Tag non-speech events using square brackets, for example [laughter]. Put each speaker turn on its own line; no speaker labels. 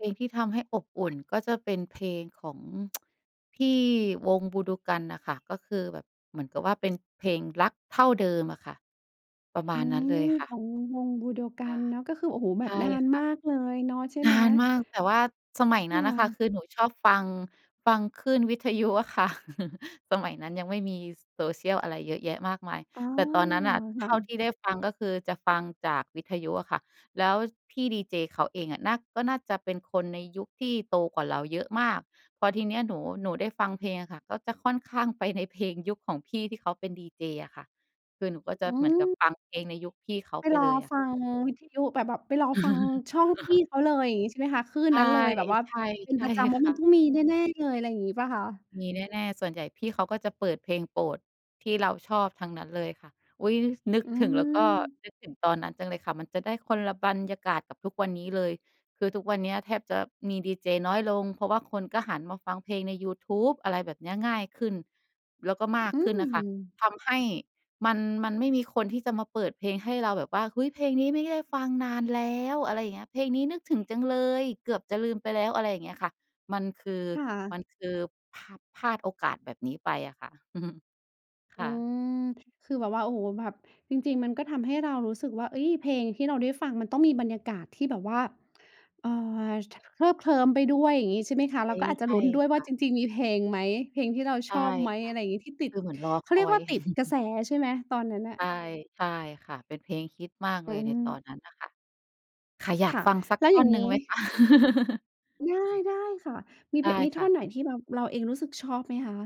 เพลงที่ทำให้อบอุ่น ก็จะเป็นเพลงของ [tsk] พี่วงบูโดกันน่ะค่ะ ก็คือแบบเหมือนกับว่าเป็นเพลง "รักเท่าเดิม" อะค่ะ ประม
อ
า
ื
ณนั้นเ
ม
ลยค่ะ
ของวงบูโดก
ค
ั
่ะ
นเนาะ ก็คือ โอ๊โฮ แบ
ใช
บ
่
นาน
ค่
ม
ะ
ากเลยเนาะ ใช่
น
ไหม?
านมาก แต่ว่าสมัย
ค
นั้น
่
น่ะค่ะ
ะ
คือหนูชอบ ฟัง ฟังคลื่น วิทยุอะค่ะ [chuckles] สมัยนั้นยังไม่มี Social อะไรเยอะแยะมากมาย
อ๋อ
แต่ตอนนั้นน่ะ
ค
เท
่
่าท
ะ
ี่ได้ฟังก็คือจะฟังจากวิทยุอะค่ะ แล้วพี่ดีเจเขาเองอะน่า ก็น่าจะเป็นคนในยุคที่โตกว่าเราเยอะมาก พอทีเนี้ยหนู หนูได้ฟังเพลงอะค่ะ ก็จะค่อนข้างไปในเพลงยุคของพี่ที่เขาเป็นดีเจอะค่ะ คือหนูก็จะ
อื
เหมือนกับ
อ
ฟังเพลงในยุคพี่เขา
ไป
ไป
รอ
เลยอะ
ฟังวิทยุ แบบ แบบไปรอฟัง
[chuckles] อ
ช่องพ
ะ
ี
ฮ
่
ะ
เขาเลย อย่างงี้ ใช่ไหมคะ? คลื่
ใ
น
ช่
นั้นเลย แบบว่าเป็
ๆ
น
ใช่
ประจำ แล้ว
ค
ม
่
ัน
ะ
ต้องมีแน่ ๆ เลย อะไรอย่างงี้เปล่าคะ?
มีแน่ ๆ ส่วนใหญ่พี่เขาก็จะเปิดเพลงโปรดที่เราชอบทั้งนั้นเลยค่ะ อุ๊ย! น นึก
อื
ถึงแล้วก็
ม
นึกถึงตอนนั้นจังเลยค่ะ มันจะได้คนละบรรยากาศกับทุกวันนี้เลย คือทุกวันเนี้ยแทบจะมีดีเจน้อยลง เพราะว่าคนก็หันมาฟังเพลงในยูทูบ อะไรแบบเนี้ย ง่ายขึ้น แล้วก็มาก
อื
ข
้
ึ
อ
้นน่ะค
ฮ
่ะ
ือ
ทำให้มัน มันไม่มีคนที่จะมาเปิดเพลงให้เราแบบว่า "เฮ้ย! เพลงนี้ไม่ได้ฟังนานแล้ว" อะไรอย่างเงี้ย "เพลงนี้นึกถึงจังเลย เกือบจะลืมไปแล้ว" อะไรอย่างเงี้ยค่ะ มันคือ
ค่
มั
ะ
นคือพลาด พลาดโอกาสแบบนี้ไปอะค่ะ [chuckles]
อ
ค
ื
่ะ
ม คือแบบว่าฃ โอ๊โฮ แบบจริง ๆ มันก็ทำให้เรารู้สึกว่า เอ๊ย! เพลงที่เราได้ฟังมันต้องมีบรรยากาศที่แบบว่า เอ่อ ฉ เคลิบเคลิ้มไปด้วย อย่างงี้ ใช่ไหมค
ใช
ะ เ
้
ราก็อาจจ
ใ
ะ
ช
ล
่
ุ้นด้วย
ค
ว่า
่ะ
จริง ๆ มีเพลงไหม เพลงที่เรา
ใช
ช
่
อบไหม
ค่
อะ
ะ
ไรอย่างงี้ ที่ติ
ค
ด
ือเหมือนรอ
เข
ค
าเรี
อ
ยกว
ย
่า ติดกระ
[chuckles]
แสใช่ไหม? ตอนนั้นน่ะ
ใช่ ใช่ค่ะ เป็นเพลงฮิตมาก
อ
เ
ื
ลยในตอน
อ
นั้นน่ะค่ะ ค่ะ อยา
ค
ก
่ะ
ฟังสัก
แล้
ท
ว
่
อ
อ
ย่า
น
ง
หน
ง
ึ่ง
ี้
ไหม คะ? [chuckles]
ได้ ได้ค่ะ มี
ไ
เ
ด
พะ
้
มี
ค
ท่
่
อ
ะ
นไหนที่แบบเราเองรู้สึกชอบไหมคะ?